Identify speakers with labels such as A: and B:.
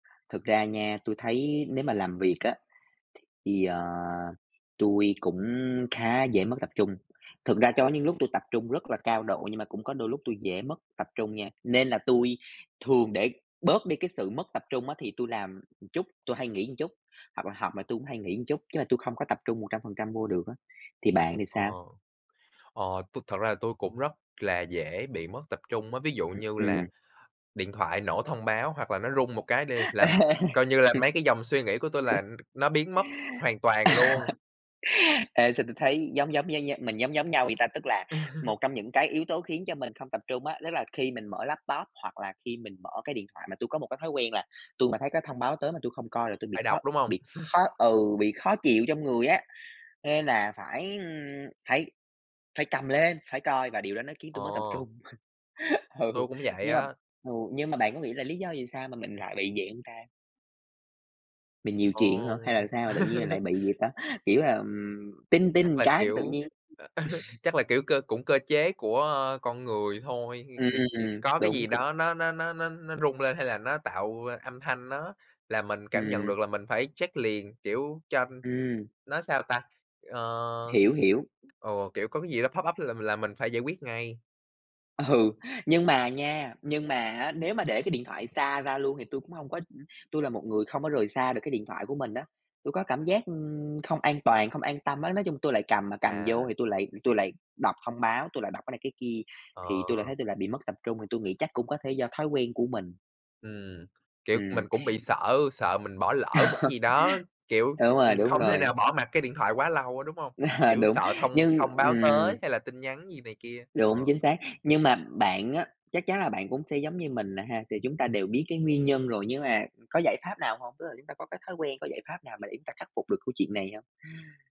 A: Thực ra nha, tui thấy nếu mà làm việc á, thì, ờ, tui cũng khá dễ mất tập trung, thực ra chó những lúc tôi tập trung rất là cao độ, nhưng mà cũng có đôi lúc tôi dễ mất tập trung nha, nên là tui thường để bớt đi cái sự mất tập trung á thì tui làm một chút, tôi hay nghỉ một chút, hoặc là học mà tôi cũng hay nghỉ một chút, chứ mà tui không có tập trung 100% vô được á, thì bạn thì
B: Ờ,
A: sao?
B: ờ, tôi thật ra là tôi cũng rất là dễ bị mất tập trung á, ví dụ
A: Ừm,
B: như là
A: ừm.
B: điện thoại nổ thông báo hoặc là nó rung một cái đê là
A: Ê,
B: coi như là, mấy cái dòng suy nghĩ của tôi là nó biến mất hoàn toàn luôn.
A: Ê, sao tôi thấy giống giống giống nh mình giống giống nhau vậy ta, tức là một trong những cái yếu tố khiến cho mình không tập trung á, tức là khi mình mở laptop hoặc là khi mình mở cái điện thoại mà tôi có một cái thói quen là tui mà thấy cái thông báo tới mà tui không coi là tôi bị
B: Phải
A: khó
B: đọc, đúng hông?
A: bị khó ừ, bị khó chịu trong người á, nên là phải, ưm, phải phải cầm lên, phải coi và điều đó nó khiến tôi mất tập
B: Ồ.
A: trung. Ừ,
B: Tôi cũng vậy
A: nhưng mà,
B: á.
A: ừ, nhưng mà bạn có nghĩ là lý do vì sao mà mình lại bị vậy hông ta? Mình nhiều chuyện
B: Ồ.
A: hả, hay là sao mà tự nhiên lại bị gì ta, kiểu là, ừm, "ting
B: Chắc
A: ting"
B: là,
A: cái tự
B: kiểu,
A: nhiên
B: chắc là, kiểu, cơ cũng cơ chế của, ơ, con người thôi, thì thì thì
A: Ừm,
B: có cái
A: đúng,
B: gì
A: c
B: đó nó nó nó nó nó rung lên hay là nó tạo âm thanh nó là mình cảm nhận
A: Ừm.
B: được là mình phải check liền, kiểu, cho
A: Ừm.
B: nó sao ta, ờ,
A: Hiểu, hiểu.
B: ồ, kiểu, có cái gì đó pop up là là mình phải giải quyết ngay.
A: Ừ, nhưng mà nha, nhưng mà á, nếu mà để cái điện thoại xa ra luôn thì tui cũng hông có tui là một người không có rời xa được cái điện thoại của mình á. Tôi có cảm giác, ưm, không an toàn, không an tâm á, nói chung tôi lại cầm mà cầm vô
B: À.
A: thì tui lại tui lại đọc thông báo, tôi lại đọc cái này, cái kia, thì tui lại
B: Ờ.
A: thấy tui lại bị mất tập trung thì tôi nghĩ chắc cũng có thể do thói quen của mình.
B: Ừm, kiểu,
A: Ừm.
B: mình cũng bị sợ, sợ mình bỏ lỡ một cái gì đó, kiểu,
A: Đúng rồi,
B: ưm,
A: đúng
B: không thể
A: rồi.
B: nào bỏ mặc cái điện thoại quá lâu á, đúng hông? Kiểu,
A: Đúng,
B: sợ thông
A: nhưng,
B: thông báo
A: ừm
B: tới hay là tin nhắn gì này kia,
A: Đúng,
B: ờ.
A: chính xác, nhưng mà bạn á, chắc chắn là bạn cũng sẽ giống như mình nè ha, thì chúng ta đều biết cái nguyên nhân rồi, nhưng mà có giải pháp nào hông? Tức là chúng ta có cái thói quen, có giải pháp nào mà để chúng ta khắc phục được câu chuyện này hông?